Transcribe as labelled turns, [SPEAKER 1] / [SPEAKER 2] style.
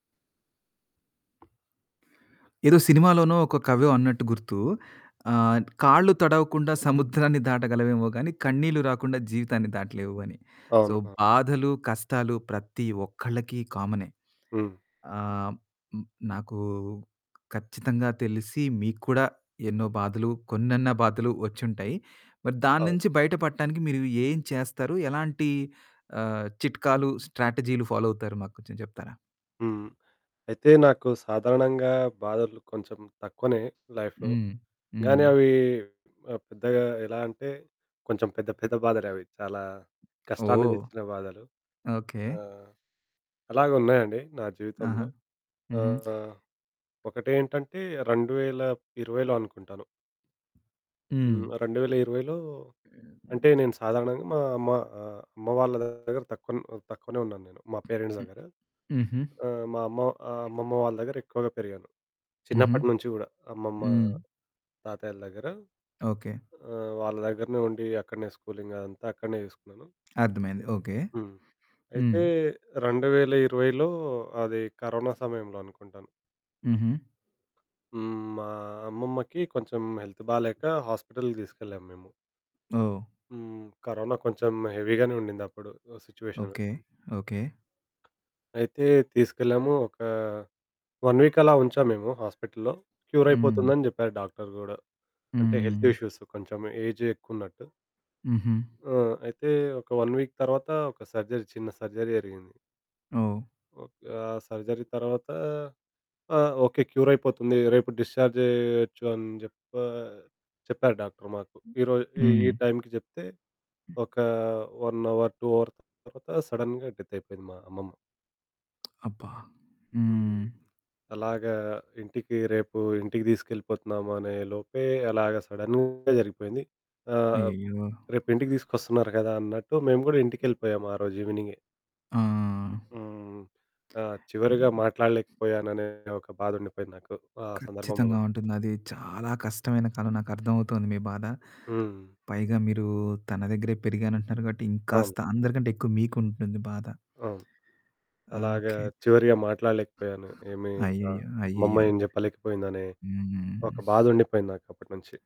[SPEAKER 1] ఏదో సినిమాలోనో, ఒక కవో అన్నట్టు గుర్తు ఆహ్, కాళ్ళు తడవకుండా సముద్రాన్ని దాటగలవేమో గాని కన్నీళ్లు రాకుండా జీవితాన్ని దాటలేవు అని. సో,
[SPEAKER 2] అవును. అ!
[SPEAKER 1] బాధలు కష్టాలు ప్రతి ఒక్కలకి కామనే.
[SPEAKER 2] హ్మ్.
[SPEAKER 1] ఆహ్, నాకు ఖచ్చితంగా తెలిసి మీకు కూడా ఎన్నో బాధలు, కొన్నన్న బాధలు వచ్చుంటాయి. మరి దాని
[SPEAKER 2] అవును.
[SPEAKER 1] నుంచి బయట పడటానికి మీరు ఏం చేస్తారు ఎలాంటి ఆహ్, చిట్కాలు, స్ట్రాటజీలు ఫాలో అవుతారు మాకు కొంచెం చెప్తారా?
[SPEAKER 2] హ్మ్, అయితే నాకు సాధారణంగా బాధలు కొంచెం తక్కువనే లైఫ్‌లో
[SPEAKER 1] హ్మ్,
[SPEAKER 2] గానీ
[SPEAKER 1] హ్మ్.
[SPEAKER 2] అవి ఆహ్, పెద్దగా ఎలా అంటే కొంచెం పెద్ద పెద్ద బాధలు అవి. చాలా కష్టాన్ని
[SPEAKER 1] ఓహ్!
[SPEAKER 2] తెచ్చిన బాధలు.
[SPEAKER 1] ఓకె.
[SPEAKER 2] ఆహ్, అలాగే ఉన్నాయండి నా
[SPEAKER 1] ఆహా!
[SPEAKER 2] జీవితంలో
[SPEAKER 1] హుహు.
[SPEAKER 2] ఆహ్, ఒకటేంటంటే 2020లో అనుకుంటాను.
[SPEAKER 1] హ్మ్.
[SPEAKER 2] హ్మ్, 2020లో అంటే నేను సాధారణంగా మా అమ్మ ఆహ్, అమ్మ వాళ్ళ దగ్గర తక్కువ తక్కువనే ఉన్నాను, నేను మా పేరెంట్స్
[SPEAKER 1] హ్మ్.
[SPEAKER 2] దగ్గర.
[SPEAKER 1] హుహు.
[SPEAKER 2] ఆహ్, మా అమ్మ అమ్మమ్మ వాళ్ళ దగ్గర ఎక్కువగా పెరిగాను.
[SPEAKER 1] హుహు.
[SPEAKER 2] చిన్నప్పటి నుంచి కూడా అమ్మమ్మ,
[SPEAKER 1] హ్మ్.
[SPEAKER 2] తాతయ్యల దగ్గర
[SPEAKER 1] ఓకె.
[SPEAKER 2] ఆహ్, వాళ్ళ దగ్గరనే ఉండి అక్కడనే స్కూలింగ్ అదంతా అక్కడనే చేసుకున్నాను.
[SPEAKER 1] అర్థమైంది ఓకె.
[SPEAKER 2] హ్మ్.
[SPEAKER 1] హ్మ్.
[SPEAKER 2] అయితే 2020లో అది కరోనా సమయంలో అనుకుంటాను.
[SPEAKER 1] హుహు.
[SPEAKER 2] హ్మ్. మా అమ్మమ్మకి కొంచెం హెల్త్ బాలేక హాస్పిటల్‌కి తీసుకెళ్ళాం మేము.
[SPEAKER 1] ఓహ్!
[SPEAKER 2] హ్మ్. కరోనా కొంచెం హెవీ గానే ఉండింది అప్పుడు సిట్యుయేషను.
[SPEAKER 1] ఓకె. ఓకె.
[SPEAKER 2] అయితే తీసుకెళ్ళాము ఒక 1 వీక్ అలా ఉంచాం మేము హాస్పిటల్లో క్యూర్
[SPEAKER 1] హ్మ్.
[SPEAKER 2] అయిపోతుందని చెప్పారు డాక్టరు కూడా అంటే హెల్త్
[SPEAKER 1] హ్మ్.
[SPEAKER 2] ఇష్యూస్ కొంచెం ఏజ్ ఎక్కువ ఉన్నట్టు.
[SPEAKER 1] హుహు.
[SPEAKER 2] ఆ! అయితే ఒక 1 వీక్ తర్వాత ఒక సర్జరీ చిన్న సర్జరీ జరిగింది.
[SPEAKER 1] ఓహ్!
[SPEAKER 2] ఒక్ ఆ సర్జరీ తర్వాత ఆహ్, ఓకె క్యూర్ అయిపోతుంది రేపు డిశ్చార్జ్ చేయొచ్చు అని చెప్ప చెప్పారు డాక్టర్ మాకు. ఈ రోజు ఈ
[SPEAKER 1] హ్మ్.
[SPEAKER 2] టైంకి చెప్తే,
[SPEAKER 1] హ్మ్.
[SPEAKER 2] ఒక 1 అవర్ 2 అవర్ తర్వాత సడెన్‌గా డెత్ అయిపోయింది మా అమ్మమ్మ.
[SPEAKER 1] అబ్బా!
[SPEAKER 2] హ్మ్.
[SPEAKER 1] హ్మ్.
[SPEAKER 2] అలాగా ఇంటికి రేపు, ఇంటికి తీసుకెళ్ళిపోతున్నాము అనే లోపే అలాగా సడెన్‌గా జరిగిపోయింది. ఆహ్,
[SPEAKER 1] అయ్యయ్యో!
[SPEAKER 2] రేపు ఇంటికి తీసుకొస్తున్నారు కదా! అన్నట్టు మేము కూడా ఇంటికి వెళ్ళిపోయాము ఆరోజు ఈవెనింగె.
[SPEAKER 1] ఆ!
[SPEAKER 2] హ్మ్. ఆహ్, చివరిగా
[SPEAKER 1] హ్మ్.
[SPEAKER 2] మాట్లాడలేకపోయాననే ఒక బాధ ఉండిపోయింది నాకు ఆ సందర్భంలో
[SPEAKER 1] ఖచ్చితంగా
[SPEAKER 2] గూడా.
[SPEAKER 1] ఉంటుంది. అది చాలా కష్టమైన కాలం నాకు అర్థమవుతుంది మీ బాధ.
[SPEAKER 2] హ్మ్.
[SPEAKER 1] పైగా మీరు తన దగ్గరే పెరిగాను అంటున్నారు కాబట్టి
[SPEAKER 2] అవును.
[SPEAKER 1] ఇంకాస్త అందరికంటే ఎక్కువ మీకు ఉంటుంది బాధ.
[SPEAKER 2] అవును.
[SPEAKER 1] ఆ!
[SPEAKER 2] అలాగ,
[SPEAKER 1] ఓకె.
[SPEAKER 2] చివరిగా మాట్లాడలేకపోయాను ఏమి అ
[SPEAKER 1] అయ్యయ్యో!
[SPEAKER 2] అమ్మమ్మ
[SPEAKER 1] అయ్యయ్యో!
[SPEAKER 2] ఏం చెప్పలేకపోయింది అనే ఒక
[SPEAKER 1] హ్మ్.
[SPEAKER 2] బాధ ఉండిపోయింది నాకు అప్పటి నుంచి.